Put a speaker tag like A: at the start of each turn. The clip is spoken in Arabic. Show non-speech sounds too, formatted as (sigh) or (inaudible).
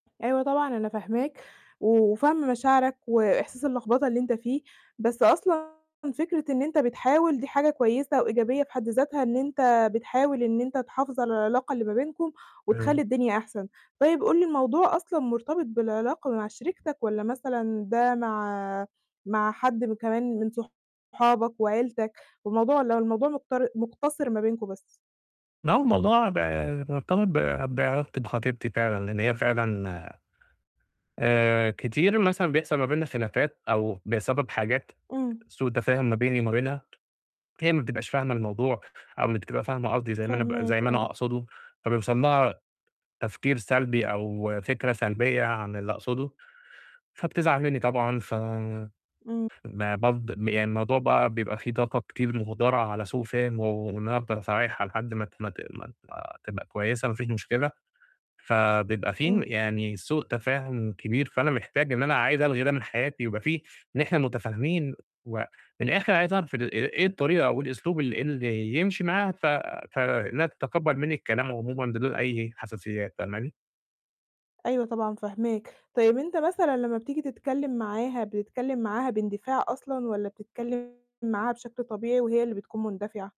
A: أيوة طبعًا أنا فاهماك، و وفاهمة مشاعرك وإحساس اللخبطة اللي أنت فيه، بس أصلًا فكرة إن أنت بتحاول دي حاجة كويسة وإيجابية في حد ذاتها إن أنت بتحاول إن أنت تحافظ على العلاقة اللي ما بينكم، وتخلّي
B: (unintelligible)
A: الدنيا أحسن. طيب قُل لي الموضوع أصلًا مرتبط بالعلاقة مع شريكتك والّا مثلًا ده مع مع م حد كمان من صحابك وعيلتك؟ والموضوع لو الموضوع مقتر مقتصر ما بينكم بس؟
B: ما هو الموضوع بقى مرتبط ب بعلاقتي بخطيبتي فعلًا، لأن هي فعلًا آآ كتير مثلًا بيحصل ما بيننا خلافات أو بسبب حاجات
A: إمم.
B: سوء تفاهم ما بيني وما بينها، هي ما بتبقاش فاهمة الموضوع، أو ما بتبقي فاهمة قصدي زي ما أنا ب زي
A: فاهماك،
B: ما أنا
A: آه.
B: أقصده، فبيوصل لها تفكير سلبي أو فكرة سلبية عن اللي أقصده، فبتزعل مني طبعًا، ف
A: إمم.
B: ما برض يعني الموضوع بقى بيبقى فيه طاقة كتير مهدرة على سوء فِهم، و وإن أنا أفضل أصالحها لحد ما ت ما ت ما تبقى كويسة، ما فيش مشكلة، فبيبقى فيه
A: إمم.
B: يعني سوء تفاهم كبير، فأنا محتاج إن أنا عايز ألغي ده من حياتي، يبقى فيه إن إحنا متفاهمين، و من الآخر عايز أعرف ال إيه الطريقة أو الأسلوب اللي اللي يمشي معاها، ف فإنها تتقبل مني الكلام عمومًا بدون أي حساسيات، فاهماني؟
A: أيوه طبعًا فاهماك. طيب أنت مثلًا لما بتيجي تتكلم معاها، بتتكلم معاها باندفاع أصلًا والّا بتتكلم معاها بشكل طبيعي وهي اللي بتكون مندفعة؟